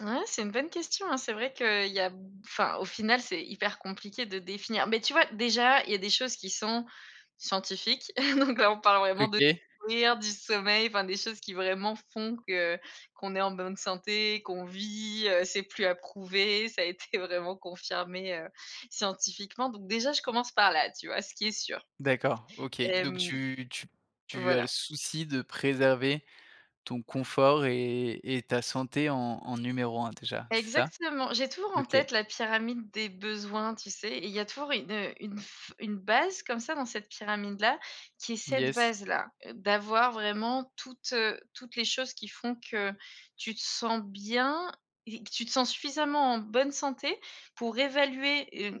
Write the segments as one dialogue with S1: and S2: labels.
S1: Ouais c'est une bonne question, hein, c'est vrai qu'il y a b enfin, au final c'est hyper compliqué de définir. Mais, tu vois, déjà, il y a des choses qui sont scientifiques, donc là on parle vraiment de
S2: OK.
S1: courir, du sommeil, enfin, des choses qui vraiment font que qu'on est en bonne santé, qu'on vit, heu, c'est plus à prouver, ça a été vraiment confirmé, heu, scientifiquement. Donc, déjà, je commence par là, tu vois? Ce qui est sûr
S2: D'accord. OK.
S1: et
S2: Donc,
S1: mmh
S2: tu tu tu as le
S1: Voilà.
S2: souci de préserver ton confort et et ta santé en en numéro 1 déjà, c'est ça?
S1: Exactement, j'ai toujours en
S2: OK.
S1: tête la pyramide des besoins, tu sais? Et il y a toujours une, heu, une f une base comme ça dans cette pyramide-là qui est cette
S2: Yes.
S1: base-là. D'avoir vraiment toutes, heu, toutes les choses qui font que tu te sens bien et que tu te sens suffisamment en bonne santé pour évaluer, heu, t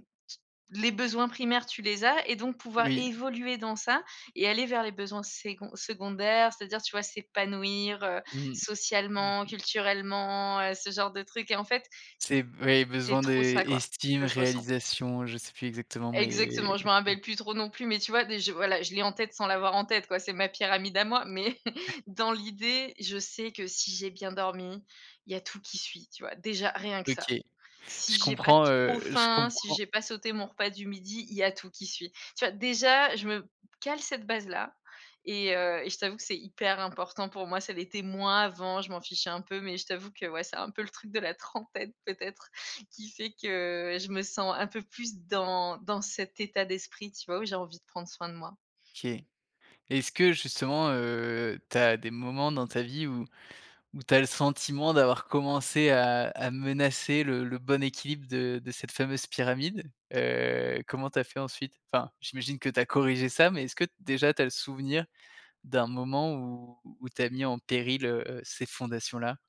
S1: les besoins primaires tu les as et donc pouvoir
S2: Oui.
S1: évoluer dans ça et aller vers les besoins sécon secondaires, c'est-à-dire, tu vois, s'épanouir, heu,
S2: Mmh. Mmh
S1: socialement,
S2: mh.
S1: culturellement, heu, ce genre de trucs et en fait.
S2: C'est v et
S1: C'est
S2: besoin
S1: trop
S2: d'é
S1: ça quoi,
S2: estime,
S1: que je ressens.
S2: réalisation, je sais plus exactement mais.
S1: Exactement je me
S2: OK.
S1: rappelle plus trop non plus mais, tu vois? Déj voilà, je l'ai en tête sans l'avoir en tête, quoi. C'est ma pyramide à moi, mais dans l'idée, je sais que si j'ai bien dormi, il y a tout qui suit, tu vois? Déjà rien que ça.
S2: OK.
S1: Si
S2: Je
S1: j'ai pas
S2: comprends,
S1: trop
S2: heu, je
S1: faim, si
S2: comprends
S1: j'ai pas sauté mon repas du midi, il y a tout qui suit, tu vois? Déjà, je me b cale cette base-là et heu, et je t'avoue que c'est hyper important pour moi. Ça l'était moins avant, je m'en fichais un peu mais je t'avoue que ouais, c'est un peu le truc de la trentaine peut-être qui fait que je me sens un peu plus dans dans cet état d'esprit, tu vois? Où j'ai envie de prendre soin de moi.
S2: OK. Est-ce que justement, heu, tu as des moments dans ta vie où où tu as le sentiment d'avoir commencé à à menacer le le bon équilibre de de cette fameuse pyramide? Heu, comment tu as fait ensuite? Enfin, j'imagine que tu as corrigé ça, mais est-ce que déjà tu as le souvenir d'un moment où où tu as mis en péril, heu, ces fondations-là?